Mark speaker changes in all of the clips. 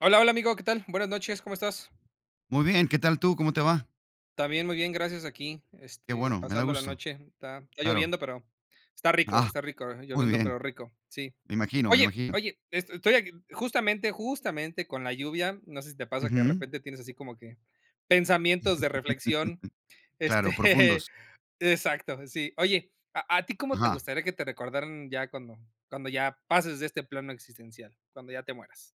Speaker 1: Hola, hola, amigo. ¿Qué tal? Buenas noches. ¿Cómo estás?
Speaker 2: Muy bien, ¿qué tal tú? ¿Cómo te va?
Speaker 1: También, muy bien, gracias. Aquí,
Speaker 2: Qué
Speaker 1: este,
Speaker 2: bueno, me da
Speaker 1: pasando la
Speaker 2: gusto.
Speaker 1: noche está está
Speaker 2: Claro.
Speaker 1: lloviendo, pero está rico
Speaker 2: Ah,
Speaker 1: está rico,
Speaker 2: muy
Speaker 1: lloviendo,
Speaker 2: bien.
Speaker 1: pero rico. Sí.
Speaker 2: Me imagino, me
Speaker 1: Oye
Speaker 2: imagino.
Speaker 1: oye, es estoy aquí, justamente, justamente, con la lluvia, no sé si te pasa que, de
Speaker 2: Ujú.
Speaker 1: repente, tienes así como que pensamientos de reflexión,
Speaker 2: Claro,
Speaker 1: este
Speaker 2: profundos.
Speaker 1: exacto, sí. Oye, ¿a a ti cómo te
Speaker 2: Ajá.
Speaker 1: gustaría que te recordaran ya cuando cuando ya pases de este plano existencial, cuándo ya te mueras?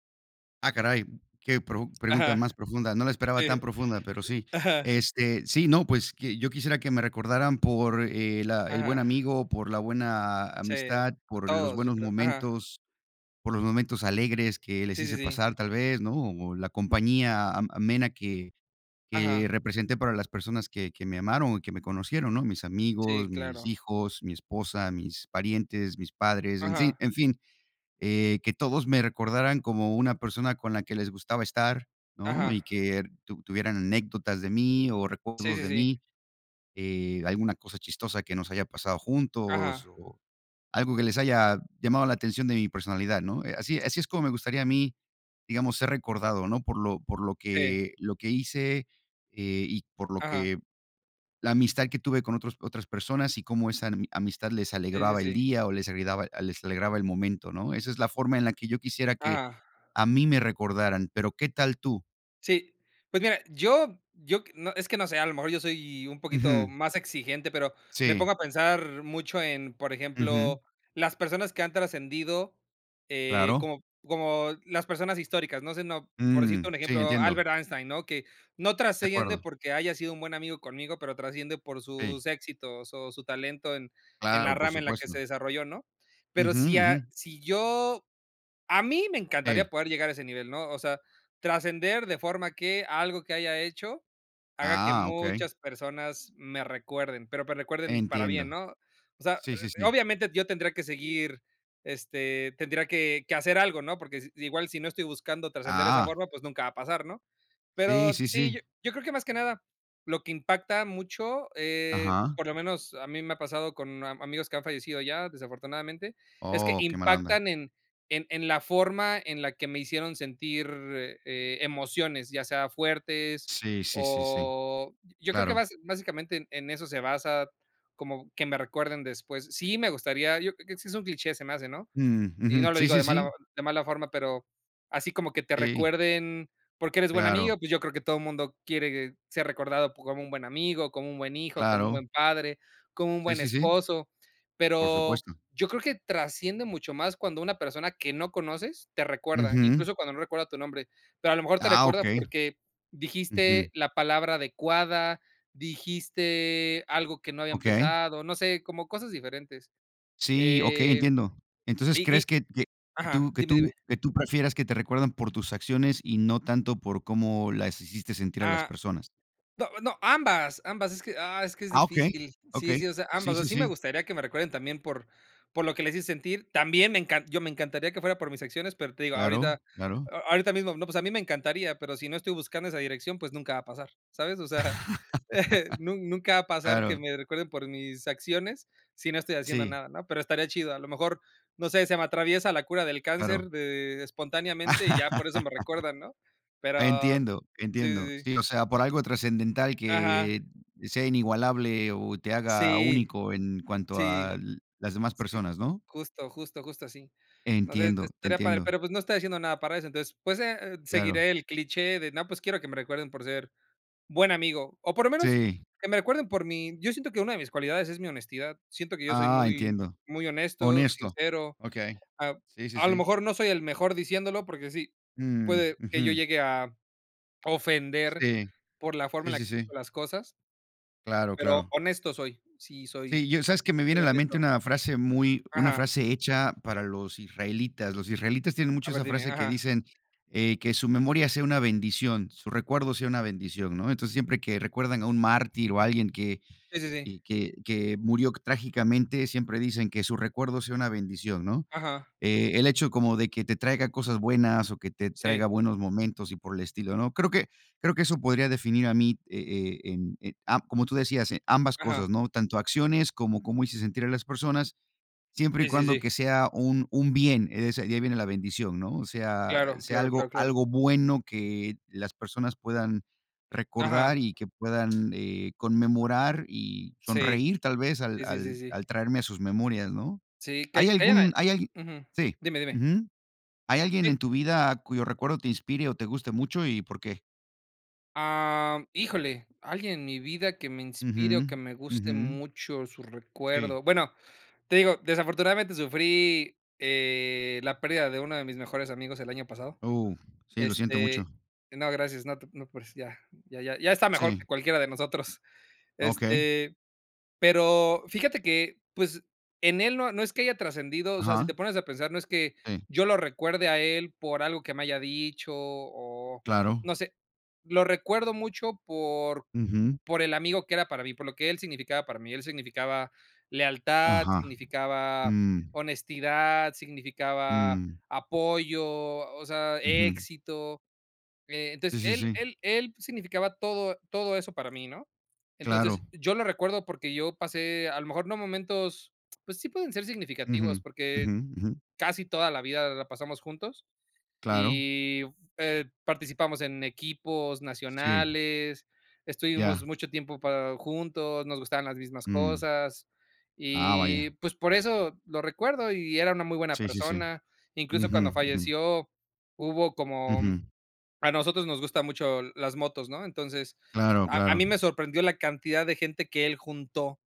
Speaker 2: ¡Ah, caray! Qué pro pregunta
Speaker 1: Ajá.
Speaker 2: más profunda, no la esperaba
Speaker 1: Sí.
Speaker 2: tan profunda, pero sí,
Speaker 1: Ajá.
Speaker 2: este, sí, no, pues, que yo quisiera que me recordaran por el, ah, el buen
Speaker 1: Ajá.
Speaker 2: amigo, por la buena
Speaker 1: Sí, a
Speaker 2: amistad,
Speaker 1: a
Speaker 2: por los
Speaker 1: todos, yo
Speaker 2: buenos
Speaker 1: creo. Ajá.
Speaker 2: momentos, por los momentos alegres que les
Speaker 1: Sí, sí,
Speaker 2: hice
Speaker 1: sí.
Speaker 2: pasar, tal vez, ¿no?, o la compañía am amena que
Speaker 1: Ajá.
Speaker 2: que representé para las personas que que me amaron y que me conocieron, ¿no? Mis
Speaker 1: Sí,
Speaker 2: amigos, mis
Speaker 1: claro.
Speaker 2: hijos, mi esposa, mis parientes, mis padres, en fin
Speaker 1: Ajá.
Speaker 2: en fin, eh, que todos me recordaran como una persona con la que les gustaba estar, ¿no?
Speaker 1: Ajá.
Speaker 2: Y que tu tuvieran anécdotas de mí o
Speaker 1: Sí,
Speaker 2: recuerdos
Speaker 1: sí,
Speaker 2: de
Speaker 1: sí.
Speaker 2: mí, eh, alguna cosa chistosa que nos haya pasado juntos
Speaker 1: Ajá.
Speaker 2: o algo que les haya llamado la atención de mi personalidad, ¿no? Eh, así así es como me gustaría a mí, digamos, ser recordado, ¿no?, por lo por lo
Speaker 1: Sí.
Speaker 2: que lo que hice, eh, y por lo
Speaker 1: Ajá.
Speaker 2: que la amistad que tuve con otros otras personas, y cómo esa ami amistad les
Speaker 1: Sí, sí,
Speaker 2: alegraba el
Speaker 1: sí.
Speaker 2: día, o les ayudaba, les alegraba el momento, ¿no? Esa es la forma en la que yo quisiera que
Speaker 1: Ajá.
Speaker 2: a mí me recordaran. Pero, ¿qué tal tú?
Speaker 1: Sí. Pues mira, yo yo, q no, es que, no sé. A lo mejor, yo soy un poquito
Speaker 2: Ujú.
Speaker 1: más exigente. Pero, me
Speaker 2: Sí.
Speaker 1: pongo a pensar, mucho en Por
Speaker 2: Ujú.
Speaker 1: ejemplo, las personas que han trascendido, eh,
Speaker 2: Claro.
Speaker 1: como p como las personas históricas. No sé, no p por decirte
Speaker 2: Mm.
Speaker 1: un
Speaker 2: Sí,
Speaker 1: ejemplo,
Speaker 2: entiendo.
Speaker 1: Albert Einstein, ¿no? Que no
Speaker 2: De
Speaker 1: trasciende,
Speaker 2: acuerdo.
Speaker 1: porque haya sido un buen amigo conmigo, pero trasciende por
Speaker 2: Sí.
Speaker 1: sus éxitos o su talento, en en la
Speaker 2: Claro, por
Speaker 1: rama, en la que se
Speaker 2: supuesto.
Speaker 1: desarrolló, ¿no? Pero
Speaker 2: Ujú,
Speaker 1: si a
Speaker 2: ujú.
Speaker 1: si yo a mí me encantaría,
Speaker 2: Sí.
Speaker 1: poder llegar a ese nivel, ¿no? O sea, trascender, de forma que, algo que haya hecho, haga que
Speaker 2: Ah, okey.
Speaker 1: muchas personas, me recuerden, pero me recuerden, para bien,
Speaker 2: Entiendo.
Speaker 1: ¿no? O sea,
Speaker 2: Sí, sí, sí.
Speaker 1: obviamente, yo tendría que seguir este, tendría que que hacer algo, ¿no? Porque s igual, si no estoy buscando trascender de esa
Speaker 2: Ah.
Speaker 1: forma, pues nunca va a pasar, ¿no?
Speaker 2: Sí,
Speaker 1: Pero
Speaker 2: sí, sí.
Speaker 1: sí, yo creo que más que nada, lo que impacta mucho, eh,
Speaker 2: Ajá.
Speaker 1: por lo menos, a mí me ha pasado, con a amigos, que han fallecido ya, desafortunadamente. Es que
Speaker 2: Oh, que mala onda.
Speaker 1: impactan en en en la forma, en la que me hicieron sentir, eh, emociones. Ya sea fuertes,
Speaker 2: Sí, sí, sí, sí.
Speaker 1: o yo creo que,
Speaker 2: Claro.
Speaker 1: bas básicamente, en eso se basa, como que me recuerden después. Sí, me gustaría Yo creo, que sí es un cliché, se me hace, ¿no?
Speaker 2: Mm, ujú.
Speaker 1: Y no lo
Speaker 2: Sí,
Speaker 1: digo
Speaker 2: sí,
Speaker 1: de mala o
Speaker 2: sí.
Speaker 1: de mala forma, pero, así como que te
Speaker 2: Sí.
Speaker 1: recuerden, porque eres buen
Speaker 2: Claro.
Speaker 1: amigo. Pues yo creo que todo mundo, quiere ser recordado p como un buen amigo, como un buen hijo, como un
Speaker 2: Claro.
Speaker 1: buen padre, como un
Speaker 2: Sí,
Speaker 1: buen
Speaker 2: sí, sí.
Speaker 1: esposo.
Speaker 2: Por
Speaker 1: Pero,
Speaker 2: supuesto.
Speaker 1: yo creo que trasciende mucho más, cuando una persona que no conoces, te recuerda,
Speaker 2: Ujú.
Speaker 1: incluso, cuando no recuerda tu nombre. Pero a lo mejor te
Speaker 2: Ah,
Speaker 1: recuerda,
Speaker 2: okey.
Speaker 1: porque
Speaker 2: Ujú.
Speaker 1: dijiste la palabra adecuada. Dijiste algo que no había
Speaker 2: Okey.
Speaker 1: empezado. No sé, como cosas diferentes,
Speaker 2: Sí, okey,
Speaker 1: eh.
Speaker 2: entiendo. Entonces,
Speaker 1: Y y
Speaker 2: ¿crees que que que
Speaker 1: ajá,
Speaker 2: tú que
Speaker 1: dime,
Speaker 2: tú
Speaker 1: dime.
Speaker 2: qué tú prefieras, que te recuerdan por tus acciones? Y no tanto, por cómo las hiciste sentir, a las
Speaker 1: Ah.
Speaker 2: personas.
Speaker 1: No, no, ambas, ambas. Es que, ah, es que es
Speaker 2: Ah, okey.
Speaker 1: difícil. Sí,
Speaker 2: Okey.
Speaker 1: sí, o sea,
Speaker 2: Sí,
Speaker 1: ambas.
Speaker 2: sí,
Speaker 1: Sí me
Speaker 2: sí.
Speaker 1: gustaría, que me recuerden también, por por lo que les hice sentir. También me encan yo, me encantaría que fuera por mis acciones, pero te digo, ahorita
Speaker 2: Claro, claro.
Speaker 1: ahorita mismo, no. Pues a mí me encantaría, pero si no estoy buscando esa dirección, pues nunca va a pasar, ¿sabes? O sea nun nunca va a pasar, que
Speaker 2: Claro.
Speaker 1: me recuerden por mis acciones, si no estoy haciendo
Speaker 2: Sí.
Speaker 1: nada ¿no? Pero estaría chido. A lo mejor, no sé, se me atraviesa la cura del
Speaker 2: Claro.
Speaker 1: cáncer de espontáneamente, y ya por eso me recuerdan, ¿no? Pero,
Speaker 2: Entiendo,
Speaker 1: sí,
Speaker 2: entiendo.
Speaker 1: sí, sí.
Speaker 2: Sí, o sea, por algo trascendental,
Speaker 1: Ajá.
Speaker 2: que sea inigualable, o te haga
Speaker 1: Sí,
Speaker 2: único, en cuanto
Speaker 1: sí,
Speaker 2: al las demás
Speaker 1: sí,
Speaker 2: personas, ¿no?
Speaker 1: justo, justo. Justo así. No sé,
Speaker 2: Entiendo. Te
Speaker 1: estaría padre,
Speaker 2: entiendo.
Speaker 1: pero pues, no estoy haciendo nada para eso. Entonces, pues, eh,
Speaker 2: Claro.
Speaker 1: seguiré el cliché de: "No, pues, quiero que me recuerden por ser buen amigo". O por lo menos,
Speaker 2: Sí.
Speaker 1: que me recuerden por mi Yo siento, que una de mis cualidades, es mi honestidad. Siento que yo soy,
Speaker 2: Ah,
Speaker 1: muy
Speaker 2: entiendo.
Speaker 1: muy honesto,
Speaker 2: Honesto.
Speaker 1: sincero.
Speaker 2: Okey.
Speaker 1: Ap
Speaker 2: Sí, sí,
Speaker 1: a lo
Speaker 2: sí.
Speaker 1: mejor, no soy el mejor diciéndolo, porque sí,
Speaker 2: Mm,
Speaker 1: puede que yo
Speaker 2: ujú.
Speaker 1: llegue a ofender,
Speaker 2: Sí.
Speaker 1: por la forma en
Speaker 2: Sí,
Speaker 1: la que
Speaker 2: sí,
Speaker 1: digo
Speaker 2: sí.
Speaker 1: las cosas.
Speaker 2: Claro,
Speaker 1: Pero,
Speaker 2: claro.
Speaker 1: honesto soy. Sí, soy
Speaker 2: Sí, yo sabes que me viene
Speaker 1: soy
Speaker 2: a la mente
Speaker 1: honesto.
Speaker 2: una frase muy una
Speaker 1: Ajá.
Speaker 2: frase hecha para los israelitas. Los israelitas tienen
Speaker 1: A
Speaker 2: mucho
Speaker 1: ver,
Speaker 2: esa
Speaker 1: dime.
Speaker 2: frase que
Speaker 1: Ajá.
Speaker 2: dicen, eh: "Que su memoria sea una bendición, su recuerdo sea una bendición", ¿no? Entonces, siempre que recuerdan a un mártir o a alguien que,
Speaker 1: Sí, sí, sí.
Speaker 2: y que que murió trágicamente siempre dicen: "Que su recuerdo sea una bendición", ¿no?,
Speaker 1: Ajá.
Speaker 2: eh, el hecho como de que te traiga cosas buenas o que te traiga
Speaker 1: Sí.
Speaker 2: buenos momentos y por el estilo, ¿no?, creo que creo que eso podría definir a mí, eh eh, en eh, ah, como tú decías: "En ambas
Speaker 1: Ajá.
Speaker 2: cosas", ¿no?, tanto acciones cómo cómo hice sentir a las personas, siempre y
Speaker 1: Sí, sí,
Speaker 2: cuando
Speaker 1: sí.
Speaker 2: que sea un un bien, ese hay viene la bendición, ¿no?, o sea,
Speaker 1: Claro,
Speaker 2: sea
Speaker 1: claro, claro,
Speaker 2: algo
Speaker 1: claro.
Speaker 2: algo bueno, que las personas puedan
Speaker 1: Ajá.
Speaker 2: recordar y que puedan, eh, conmemorar y
Speaker 1: Sí,
Speaker 2: sonreír tal vez, al
Speaker 1: sí, sí, sí,
Speaker 2: al
Speaker 1: sí.
Speaker 2: al traerme sus memorias, ¿no?,
Speaker 1: Sí, que ha
Speaker 2: hay
Speaker 1: que hayan ahí.
Speaker 2: algún hay algui
Speaker 1: Ujú,
Speaker 2: sí,
Speaker 1: dime, dime.
Speaker 2: ujú, ¿hay alguien
Speaker 1: Sí.
Speaker 2: en tu vida cuyo recuerdo te inspire o te guste mucho, y por qué?
Speaker 1: Am, híjole, alguien en mi vida que me inspire o
Speaker 2: Ujú,
Speaker 1: que me guste
Speaker 2: ujú.
Speaker 1: mucho su
Speaker 2: Sí.
Speaker 1: recuerdo. Bueno, te digo, desafortunadamente sufrí, eh, la pérdida de uno de mis mejores amigos el año pasado.
Speaker 2: Oh, sí, lo siento mucho.
Speaker 1: Este, no, gracias, no te preocupes, ya, ya ya ya está mejor
Speaker 2: Sí.
Speaker 1: que cualquiera de nosotros,
Speaker 2: Okey.
Speaker 1: este, pero fíjate que, pues, en él no no es que haya trascendido. O sea, si te
Speaker 2: Ajá.
Speaker 1: pones a pensar, no es que,
Speaker 2: Sí.
Speaker 1: yo lo recuerde a él por algo que me haya dicho o
Speaker 2: Claro.
Speaker 1: no sé, lo recuerdo mucho por
Speaker 2: Ujú.
Speaker 1: por el amigo que era para mí, por lo que él significaba para mí. Él significaba lealtad,
Speaker 2: Ajá,
Speaker 1: significaba
Speaker 2: mm.
Speaker 1: honestidad, significaba
Speaker 2: Mm.
Speaker 1: apoyo, o sea,
Speaker 2: Ujú.
Speaker 1: éxito.
Speaker 2: Sí,
Speaker 1: Entonces,
Speaker 2: sí,
Speaker 1: él
Speaker 2: sí.
Speaker 1: él él significaba todo todo eso para mí, ¿no? Entonces,
Speaker 2: Claro.
Speaker 1: yo lo recuerdo porque yo pasé a lo mejor no momentos, pues sí, pueden ser significativos,
Speaker 2: Ujú,
Speaker 1: porque
Speaker 2: ujú, ujú.
Speaker 1: casi toda la vida la pasamos juntos.
Speaker 2: Claro.
Speaker 1: Y, eh, participamos en equipos
Speaker 2: Sí.
Speaker 1: nacionales, estuvimos
Speaker 2: Ya.
Speaker 1: mucho tiempo para juntos, nos gustaban las mismas
Speaker 2: Mm.
Speaker 1: cosas,
Speaker 2: Ah, vaya.
Speaker 1: y pues por eso, lo recuerdo y era una muy buena
Speaker 2: Sí, sí, sí,
Speaker 1: persona. Incluso
Speaker 2: ujú,
Speaker 1: cuando
Speaker 2: ujú.
Speaker 1: falleció, hubo como
Speaker 2: Ujú.
Speaker 1: a nosotros nos gustan mucho las motos, ¿no?, entonces,
Speaker 2: Claro,
Speaker 1: a
Speaker 2: claro.
Speaker 1: mí me sorprendió la cantidad de gente que él juntó,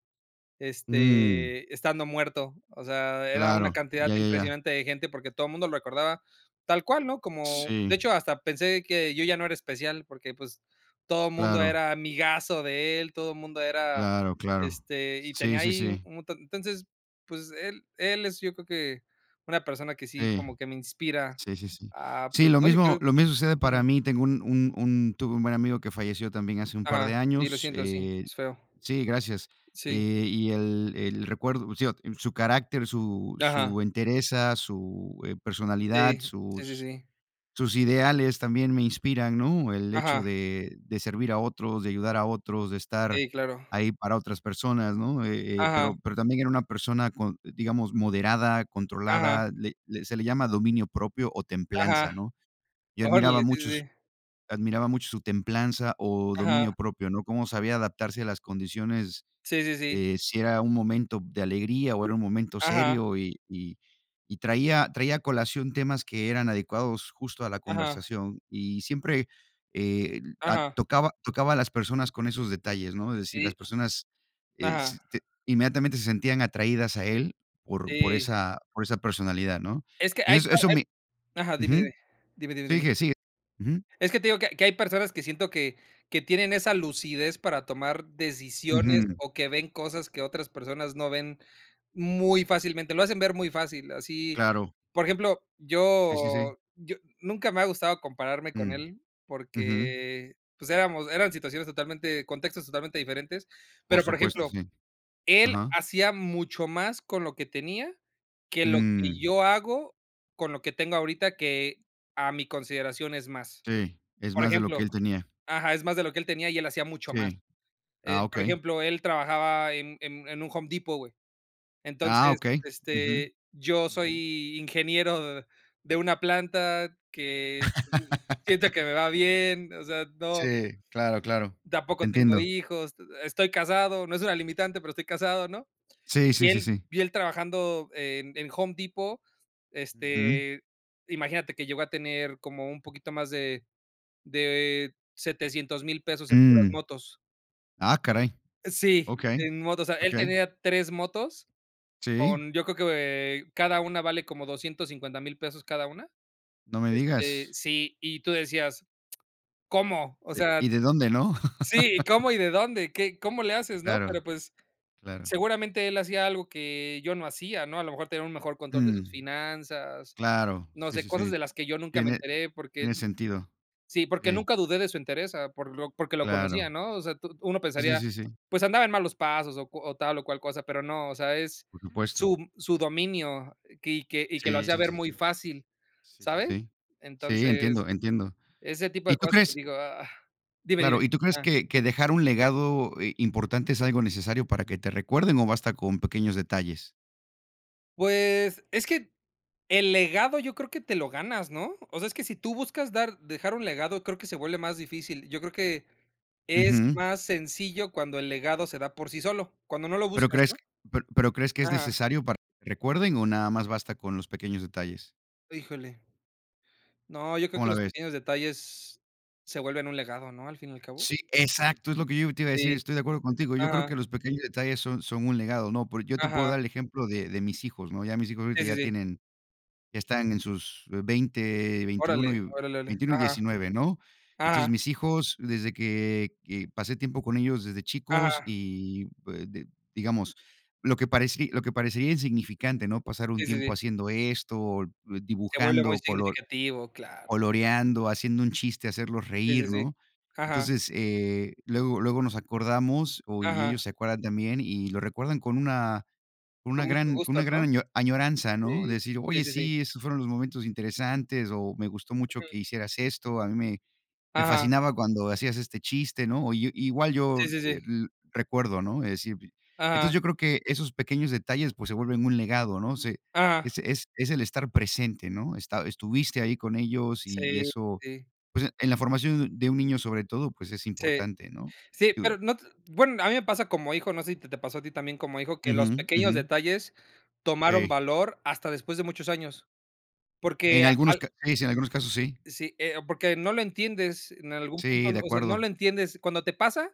Speaker 2: Mm.
Speaker 1: este estando muerto. O sea, era una
Speaker 2: Claro,
Speaker 1: cantidad
Speaker 2: ya, ya, ya.
Speaker 1: impresionante de gente porque todo el mundo lo recordaba, tal cual, ¿no?, como de
Speaker 2: Sí.
Speaker 1: hecho, hasta pensé que yo ya no era especial porque pues, todo el mundo
Speaker 2: Claro.
Speaker 1: era amigazo de él, todo el mundo era,
Speaker 2: Claro, claro.
Speaker 1: este, y tenía
Speaker 2: Sí, sí,
Speaker 1: ahí, u
Speaker 2: sí.
Speaker 1: un ta entonces, pues, él él es yo creo que, una persona que sí
Speaker 2: Sí,
Speaker 1: como que me inspira
Speaker 2: sí, sí, sí.
Speaker 1: a
Speaker 2: Sí,
Speaker 1: pues,
Speaker 2: lo
Speaker 1: no, yo
Speaker 2: mismo
Speaker 1: quiero
Speaker 2: lo
Speaker 1: [unintelligible]
Speaker 2: mismo sucede para
Speaker 1: ujú.
Speaker 2: mí. Tengo un un un tuve un buen amigo que falleció también hace un par
Speaker 1: Ajá.
Speaker 2: de
Speaker 1: Sí, lo
Speaker 2: años,
Speaker 1: siento. Sí,
Speaker 2: eh,
Speaker 1: es feo.
Speaker 2: sí, gracias,
Speaker 1: Sí.
Speaker 2: eh, y el el recuerdo sigo, su carácter, su
Speaker 1: Ajá.
Speaker 2: su entereza, su, eh, personalidad,
Speaker 1: Sí, sí, sí,
Speaker 2: sus
Speaker 1: sí.
Speaker 2: sus ideales también me inspiran, ¿no?, el hecho
Speaker 1: Ajá.
Speaker 2: de de servir a otros, de ayudar a otros, de estar
Speaker 1: Sí, claro.
Speaker 2: ahí para otras personas, ¿no?, eh eh,
Speaker 1: Ajá.
Speaker 2: pero pero también era una persona con digamos, moderada,
Speaker 1: Ajá.
Speaker 2: controlada, le le se le llama dominio propio o templanza,
Speaker 1: Ajá.
Speaker 2: ¿no?, yo admiraba
Speaker 1: Órale. Sí,
Speaker 2: mucho
Speaker 1: sí,
Speaker 2: su
Speaker 1: sí.
Speaker 2: admiraba mucho su templanza o
Speaker 1: Ajá.
Speaker 2: dominio propio, ¿no?, cómo sabía adaptarse a las condiciones,
Speaker 1: Sí, sí, sí.
Speaker 2: eh, si era un momento de alegría o era un momento
Speaker 1: Ajá.
Speaker 2: serio, eh, y y traía traía colación temas que eran adecuados justo a la
Speaker 1: Ajá.
Speaker 2: conversación, y siempre, eh, a
Speaker 1: Ajá.
Speaker 2: tocaba tocaba a las personas con esos detalles, ¿no? Es decir, las
Speaker 1: Sí.
Speaker 2: personas, eh, se
Speaker 1: Ajá.
Speaker 2: t inmediatamente se sentían atraídas a él, por por
Speaker 1: Sí.
Speaker 2: esa por esa personalidad, ¿no?,
Speaker 1: Es que hay
Speaker 2: eso
Speaker 1: para
Speaker 2: eso
Speaker 1: hay
Speaker 2: me
Speaker 1: ajá, dime,
Speaker 2: ujú,
Speaker 1: dime, dime, dime, dime.
Speaker 2: sigue, sí, ujú.
Speaker 1: Es que te digo que que hay personas que siento que que tienen esa lucidez para tomar decisiones,
Speaker 2: Ujú.
Speaker 1: o que ven cosas que otras personas no ven muy fácilmente. Lo hacen ver muy fácil así,
Speaker 2: Claro.
Speaker 1: por ejemplo,
Speaker 2: Sí, sí, sí.
Speaker 1: yo yo nunca me ha gustado compararme con
Speaker 2: Mm,
Speaker 1: él,
Speaker 2: ujú.
Speaker 1: porque pues, éramos eran situaciones totalmente contextos totalmente diferentes,
Speaker 2: Por
Speaker 1: pero, por
Speaker 2: supuesto,
Speaker 1: ejemplo,
Speaker 2: sí,
Speaker 1: él
Speaker 2: ajá.
Speaker 1: hacía mucho más con lo que tenía, que lo que
Speaker 2: Mm.
Speaker 1: yo hago con lo que tengo ahorita, que a mi consideración es más,
Speaker 2: Sí, es
Speaker 1: por
Speaker 2: más de lo que
Speaker 1: ejemplo.
Speaker 2: él tenía.
Speaker 1: Ajá, es más de lo que él tenía y él hacía mucho más,
Speaker 2: Sí.
Speaker 1: eh,
Speaker 2: Ah,
Speaker 1: por
Speaker 2: okey.
Speaker 1: ejemplo, él trabajaba en en en un Home Depot, güey.
Speaker 2: Ah,
Speaker 1: Entonces,
Speaker 2: okey, ujú,
Speaker 1: este, yo
Speaker 2: ujú.
Speaker 1: soy ingeniero de una planta que siento que me va bien. O sea, no.
Speaker 2: Sí, claro, claro. Te
Speaker 1: Tampoco tengo
Speaker 2: entiendo.
Speaker 1: hijos. Estoy casado. No es una limitante, pero estoy casado, ¿no?,
Speaker 2: Sí,
Speaker 1: y
Speaker 2: sí, sí,
Speaker 1: él
Speaker 2: sí.
Speaker 1: y él trabajando en en Home Depot,
Speaker 2: Ujú.
Speaker 1: este imagínate que llegó a tener como un poquito más de de 700.000 pesos en puras
Speaker 2: Mm.
Speaker 1: motos.
Speaker 2: Ah, caray.
Speaker 1: Sí,
Speaker 2: Okey,
Speaker 1: en motos. O sea, él
Speaker 2: okey.
Speaker 1: tenía 3 motos
Speaker 2: Sí.
Speaker 1: con yo creo que cada una vale como 250.000 pesos cada una,
Speaker 2: No me
Speaker 1: este,
Speaker 2: digas.
Speaker 1: sí, y tú decías: "¿Cómo?", o
Speaker 2: Eh, ¿y
Speaker 1: sea,
Speaker 2: de dónde, no?
Speaker 1: sí, ¿y cómo y de dónde? ¿Qué? ¿Cómo le haces?, no,
Speaker 2: Claro,
Speaker 1: pero pues,
Speaker 2: claro.
Speaker 1: seguramente él hacía algo que yo no hacía, ¿no?, a lo mejor tenía un mejor control de sus
Speaker 2: Mm.
Speaker 1: finanzas.
Speaker 2: Claro.
Speaker 1: No
Speaker 2: Sí,
Speaker 1: sé,
Speaker 2: sí,
Speaker 1: cosas
Speaker 2: sí,
Speaker 1: de las que yo nunca me
Speaker 2: tiene
Speaker 1: enteré porque,
Speaker 2: tiene sentido,
Speaker 1: sí, porque
Speaker 2: sí.
Speaker 1: nunca dudé de su entereza por lo porque lo
Speaker 2: Claro.
Speaker 1: conocía, ¿no?, o sea, tu uno
Speaker 2: Sí, sí,
Speaker 1: pensaría,
Speaker 2: sí, sí.
Speaker 1: pues andaba en malos pasos o o tal o cual cosa, pero no, o sea, es
Speaker 2: Por supuesto.
Speaker 1: su su dominio y que y que lo
Speaker 2: Sí,
Speaker 1: hacía
Speaker 2: sí,
Speaker 1: ver
Speaker 2: sí, sí,
Speaker 1: muy fácil,
Speaker 2: sí, sí,
Speaker 1: ¿sabes?
Speaker 2: sí, sí,
Speaker 1: Entonces,
Speaker 2: entiendo, entiendo,
Speaker 1: ese tipo
Speaker 2: ¿y
Speaker 1: de
Speaker 2: tú
Speaker 1: cosas que
Speaker 2: crees?
Speaker 1: digo: "Ah", dime, dime,
Speaker 2: Claro, ¿y tú crees
Speaker 1: ah.
Speaker 2: que que dejar un legado, eh, importante es algo necesario para que te recuerden o basta con pequeños detalles?
Speaker 1: Pues es que, el legado yo creo que te lo ganas, ¿no? O sea, es que si tú buscas dar dejar un legado, creo que se vuelve más difícil. Yo creo que es
Speaker 2: Ujú.
Speaker 1: más sencillo cuando el legado se da por sí solo, cuando no lo
Speaker 2: ¿Pero
Speaker 1: buscas,
Speaker 2: crees
Speaker 1: ¿no?
Speaker 2: pe pero crees que es
Speaker 1: Ajá.
Speaker 2: necesario para que recuerden o nada más basta con los pequeños detalles?
Speaker 1: Híjole. No, yo creo
Speaker 2: ¿Cómo
Speaker 1: que
Speaker 2: la
Speaker 1: los
Speaker 2: ves?
Speaker 1: pequeños detalles se vuelven un legado, ¿no?, al fin y al cabo.
Speaker 2: Sí, exacto. Es lo que yo te iba a decir.
Speaker 1: Sí.
Speaker 2: Estoy de acuerdo contigo. Yo creo que
Speaker 1: Ajá.
Speaker 2: los pequeños detalles son son un legado, ¿no?, porque yo te puedo dar
Speaker 1: Ajá.
Speaker 2: el ejemplo de de mis hijos, ¿no?, ya mis hijos ahorita
Speaker 1: Sí, sí,
Speaker 2: ya
Speaker 1: sí.
Speaker 2: tienen ya están en sus veinte,
Speaker 1: Órale,
Speaker 2: veintiuno,
Speaker 1: órale, órale.
Speaker 2: veintiuno, y
Speaker 1: Ajá,
Speaker 2: 19 ¿no? Entonces
Speaker 1: ajá.
Speaker 2: mis hijos desde que, eh, pasé tiempo con ellos desde chicos
Speaker 1: Ajá.
Speaker 2: y, pu de, digamos lo que parecí lo que parecería insignificante no pasar un
Speaker 1: Sí, sí,
Speaker 2: tiempo
Speaker 1: sí.
Speaker 2: haciendo esto o
Speaker 1: Se vuelve muy
Speaker 2: dibujando color
Speaker 1: significativo, claro.
Speaker 2: coloreando, haciendo un chiste, hacerlos
Speaker 1: Sí, sí,
Speaker 2: reír,
Speaker 1: sí.
Speaker 2: ¿no?
Speaker 1: Ajá.
Speaker 2: Entonces, eh, luego luego nos acordamos o y
Speaker 1: Ajá.
Speaker 2: ellos se acuerdan también y lo recuerdan con una con una
Speaker 1: Con mucho
Speaker 2: gran con
Speaker 1: gusto,
Speaker 2: una gran
Speaker 1: ¿no?
Speaker 2: año añoranza, ¿no?, de
Speaker 1: Sí,
Speaker 2: decir:
Speaker 1: sí,
Speaker 2: ''Oye,
Speaker 1: sí, sí.
Speaker 2: sí, esos fueron los momentos interesantes'', o ''Me gustó mucho
Speaker 1: Ujú.
Speaker 2: que hicieras esto, a mí me me
Speaker 1: Ajá.
Speaker 2: fascinaba cuando hacías este chiste'', ¿no?, o yo, igual yo,
Speaker 1: Sí, sí,
Speaker 2: eh,
Speaker 1: sí.
Speaker 2: l recuerdo, ¿no?, es decir, entonces
Speaker 1: Ajá.
Speaker 2: yo creo que esos pequeños detalles, pues se vuelven un legado, ¿no?, se
Speaker 1: Ajá.
Speaker 2: es es es el estar presente, ¿no?, está estuviste ahí con ellos y
Speaker 1: Sí,
Speaker 2: eso
Speaker 1: sí.
Speaker 2: pues en la formación de un niño, sobre todo, pues es
Speaker 1: Sí,
Speaker 2: importante, ¿no?,
Speaker 1: sí,
Speaker 2: digo.
Speaker 1: pero no te bueno, a mí me pasa como hijo. No sé si te pasó a ti también como hijo que los
Speaker 2: Ujú,
Speaker 1: pequeños
Speaker 2: ujú.
Speaker 1: detalles, tomaron
Speaker 2: Sí.
Speaker 1: valor hasta después de muchos años. Porque
Speaker 2: En
Speaker 1: a
Speaker 2: algunos
Speaker 1: al
Speaker 2: ca, sí, en algunos casos, sí.
Speaker 1: sí, eh, porque no lo entiendes en algún punto.
Speaker 2: Sí, de
Speaker 1: O sea, no lo
Speaker 2: acuerdo.
Speaker 1: entiendes cuando te pasa,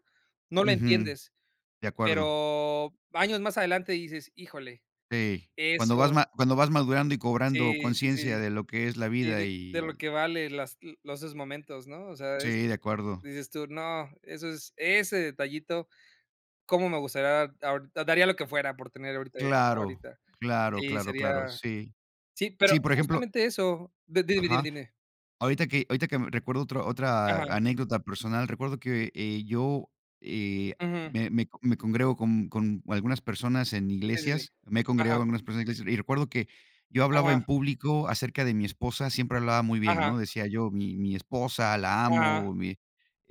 Speaker 1: no lo
Speaker 2: Ujú,
Speaker 1: entiendes.
Speaker 2: de acuerdo.
Speaker 1: Pero años más adelante dices híjole,
Speaker 2: Sí, cuando vas
Speaker 1: eso.
Speaker 2: ma cuando vas madurando y cobrando
Speaker 1: Sí, sí,
Speaker 2: conciencia
Speaker 1: sí.
Speaker 2: de lo que es la
Speaker 1: Sí,
Speaker 2: vida
Speaker 1: de
Speaker 2: y
Speaker 1: de lo
Speaker 2: el.
Speaker 1: que vale las los esos momentos, ¿no? O sea, es,
Speaker 2: Sí, de acuerdo.
Speaker 1: dices tú, no, eso es ese detallito cómo me gustaría ahor daría lo que fuera por tener ahorita eso
Speaker 2: Claro,
Speaker 1: ahorita.
Speaker 2: claro,
Speaker 1: Sí,
Speaker 2: claro, claro.
Speaker 1: sería.
Speaker 2: Sí,
Speaker 1: Sí, pero
Speaker 2: sí, por ejemplo
Speaker 1: justamente eso, de dime, dime,
Speaker 2: ajá.
Speaker 1: dime.
Speaker 2: Ahorita que ahorita que me recuerdo otro otra
Speaker 1: Ajá.
Speaker 2: anécdota personal, recuerdo que, eh, yo, eh,
Speaker 1: Ujú.
Speaker 2: me me me congrego con con algunas personas en
Speaker 1: Sí, sí, sí,
Speaker 2: iglesias, me he congregado
Speaker 1: ajá.
Speaker 2: con algunas personas en iglesias y recuerdo que, yo hablaba en
Speaker 1: Ajá.
Speaker 2: público acerca de mi esposa. Siempre hablaba muy bien,
Speaker 1: Ajá.
Speaker 2: ¿no?, decía yo mi mi esposa, la
Speaker 1: Ajá.
Speaker 2: amo mi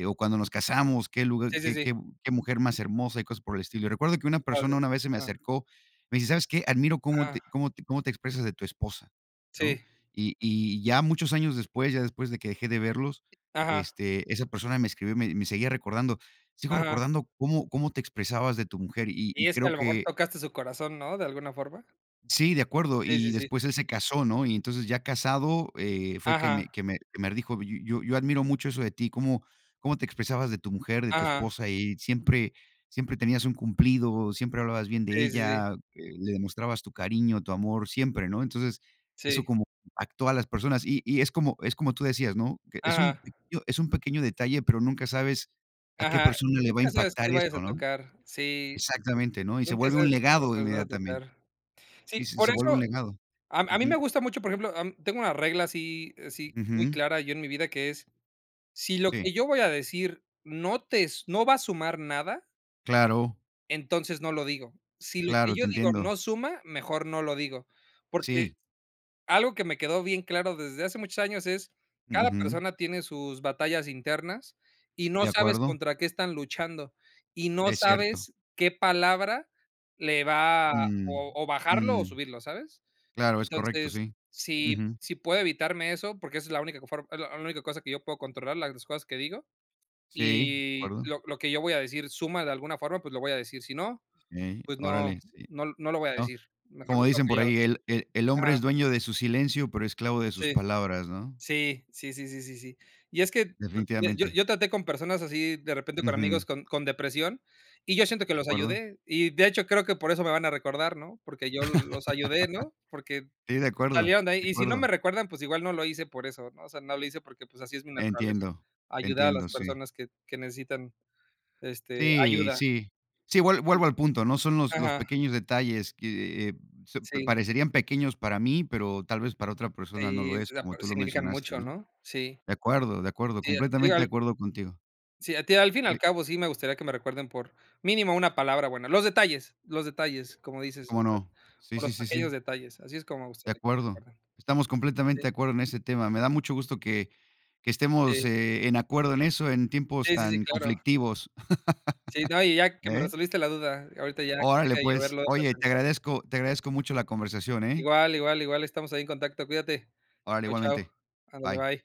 Speaker 2: o cuando nos casamos. Qué lugar
Speaker 1: Sí, sí,
Speaker 2: Qué
Speaker 1: sí.
Speaker 2: qué, qué mujer más hermosa y cosas por el estilo. Recuerdo que una
Speaker 1: Que
Speaker 2: persona
Speaker 1: padre.
Speaker 2: una vez se me
Speaker 1: Ajá.
Speaker 2: acercó, me dice, sabes, ¿qué?, admiro cómo te
Speaker 1: Ajá.
Speaker 2: cómo te cómo te expresas de tu esposa, ¿no?
Speaker 1: Sí.
Speaker 2: Y y ya muchos años después, ya después de que dejé de verlos,
Speaker 1: Ajá.
Speaker 2: este, esa persona me escribió, me me seguía recordando. Sigo
Speaker 1: Ajá.
Speaker 2: recordando cómo cómo te expresabas de tu mujer y y
Speaker 1: Y es que a
Speaker 2: creo
Speaker 1: lo mejor
Speaker 2: que.
Speaker 1: tocaste su corazón, ¿no?, de alguna forma.
Speaker 2: Sí, de acuerdo,
Speaker 1: Sí, sí,
Speaker 2: y
Speaker 1: sí.
Speaker 2: después él se casó, ¿no?, y entonces ya casado, eh, fue que me
Speaker 1: Ajá.
Speaker 2: que me que me dijo: "Y Yo yo admiro mucho eso de ti. Como como te expresabas de tu mujer, de tu
Speaker 1: Ajá.
Speaker 2: esposa y siempre, siempre tenías un cumplido, siempre hablabas bien de
Speaker 1: Sí, sí, sí.
Speaker 2: ella, eh, le demostrabas tu cariño, tu amor siempre", ¿no?, entonces eso
Speaker 1: Sí.
Speaker 2: como actúa las personas y y es como es como tú decías, ¿no?, que es un
Speaker 1: Ajá.
Speaker 2: pequeño es un pequeño detalle, pero nunca sabes a qué
Speaker 1: Ajá.
Speaker 2: persona le va a
Speaker 1: Nunca sabes que
Speaker 2: impactar
Speaker 1: vayas
Speaker 2: eso,
Speaker 1: a
Speaker 2: ¿no?
Speaker 1: tocar, sí.
Speaker 2: Exactamente, ¿no?, y se
Speaker 1: Nunca
Speaker 2: vuelve
Speaker 1: sabes
Speaker 2: un
Speaker 1: que
Speaker 2: legado
Speaker 1: corazones vas a
Speaker 2: inmediatamente.
Speaker 1: tocar.
Speaker 2: Sí,
Speaker 1: Sí,
Speaker 2: sí
Speaker 1: por
Speaker 2: se vuelve un
Speaker 1: eso
Speaker 2: legado.
Speaker 1: a a mí me
Speaker 2: Ujú.
Speaker 1: gusta mucho por ejemplo, tengo una regla así así, muy
Speaker 2: Ujú.
Speaker 1: clara yo en mi vida que es, si lo
Speaker 2: Sí.
Speaker 1: que yo voy a decir no tes no va a sumar nada,
Speaker 2: Claro.
Speaker 1: entonces no lo digo. Si lo que
Speaker 2: Claro. Te
Speaker 1: yo digo
Speaker 2: entiendo.
Speaker 1: no suma, mejor no lo digo,
Speaker 2: Sí.
Speaker 1: porque algo que me quedó bien claro desde hace muchos años es, cada
Speaker 2: Ujú.
Speaker 1: persona tiene sus batallas internas y
Speaker 2: De
Speaker 1: no sabes
Speaker 2: acuerdo.
Speaker 1: contra qué están luchando y no
Speaker 2: Es cierto.
Speaker 1: sabes qué palabra le va
Speaker 2: Mm,
Speaker 1: o o bajarlo o
Speaker 2: mm.
Speaker 1: subirlo, ¿sabes?,
Speaker 2: Claro, es correcto,
Speaker 1: entonces,
Speaker 2: sí.
Speaker 1: si
Speaker 2: Ujú.
Speaker 1: si puedo evitarme eso, porque esa es la única co form es la única cosa que yo puedo controlar, las cosas que digo,
Speaker 2: Sí, de
Speaker 1: y
Speaker 2: acuerdo.
Speaker 1: lo lo que yo voy a decir suma de alguna forma, pues lo voy a decir, si no,
Speaker 2: Sí,
Speaker 1: pues no,
Speaker 2: órale, sí,
Speaker 1: no l no lo voy a
Speaker 2: ¿no?,
Speaker 1: decir. Mejor
Speaker 2: como
Speaker 1: me quedo
Speaker 2: dicen por
Speaker 1: callado
Speaker 2: ahí, el el el hombre es
Speaker 1: ajá.
Speaker 2: dueño de su silencio, pero esclavo de sus
Speaker 1: Sí.
Speaker 2: palabras, ¿no?
Speaker 1: Sí, sí, sí, sí, sí, sí, y es que yo
Speaker 2: Definitivamente.
Speaker 1: yo traté con personas así de repente con
Speaker 2: Ujú.
Speaker 1: amigos con con depresión y yo siento que
Speaker 2: De
Speaker 1: los
Speaker 2: acuerdo.
Speaker 1: ayudé y de hecho, creo que por eso me van a recordar, ¿no?, porque yo los ayudé, ¿no?, porque
Speaker 2: Sí, de acuerdo.
Speaker 1: salieron de
Speaker 2: De
Speaker 1: ahí, y si no me
Speaker 2: acuerdo.
Speaker 1: recuerdan, pues igual no lo hice por eso, ¿no?, o sea, no lo hice porque pues así es mi naturaleza,
Speaker 2: Entiendo.
Speaker 1: ayudar a las
Speaker 2: Entiendo, sí.
Speaker 1: personas que que necesitan, este,
Speaker 2: Sí,
Speaker 1: ayuda.
Speaker 2: sí. Sí, vuel vuelvo al punto, ¿no?, son los los
Speaker 1: Ajá.
Speaker 2: pequeños detalles que se
Speaker 1: Sí.
Speaker 2: parecerían pequeños para mí, pero tal vez para otra persona no lo
Speaker 1: Sí,
Speaker 2: es, como tú
Speaker 1: [unintelligible]
Speaker 2: lo
Speaker 1: significan
Speaker 2: mencionaste,
Speaker 1: mucho,
Speaker 2: ¿no?
Speaker 1: ¿no? Sí.
Speaker 2: De acuerdo, de acuerdo,
Speaker 1: Sí.
Speaker 2: completamente de
Speaker 1: [unintelligible]
Speaker 2: acuerdo contigo.
Speaker 1: Sí, a ti al fin y
Speaker 2: Sí.
Speaker 1: al cabo, sí me gustaría que me recuerden por, mínimo una palabra buena. Los detalles, los detalles, como dices, o
Speaker 2: Como
Speaker 1: sea,
Speaker 2: no. Sí,
Speaker 1: por los
Speaker 2: sí, sí,
Speaker 1: pequeños
Speaker 2: sí.
Speaker 1: detalles, así es como me
Speaker 2: De
Speaker 1: gustaría que me
Speaker 2: acuerdo.
Speaker 1: recuerden.
Speaker 2: Estamos completamente
Speaker 1: Sí.
Speaker 2: de acuerdo en ese tema. Me da mucho gusto que que estemos,
Speaker 1: Sí.
Speaker 2: eh, en acuerdo en eso, en tiempos
Speaker 1: Sí, sí, sí,
Speaker 2: tan
Speaker 1: claro.
Speaker 2: conflictivos,
Speaker 1: Sí, no, y ya que me
Speaker 2: ¿eh?
Speaker 1: resolviste la duda ahorita ya que
Speaker 2: Órale
Speaker 1: deje de yo
Speaker 2: pues.
Speaker 1: verlo y de
Speaker 2: Oye, te
Speaker 1: pensar.
Speaker 2: agradezco, te agradezco mucho la conversación, ¿eh?
Speaker 1: Igual, igual, igual. Estamos ahí en contacto. Cuídate.
Speaker 2: Órale,
Speaker 1: Chao, chao.
Speaker 2: igualmente.
Speaker 1: Ándale,
Speaker 2: Bye.
Speaker 1: bye.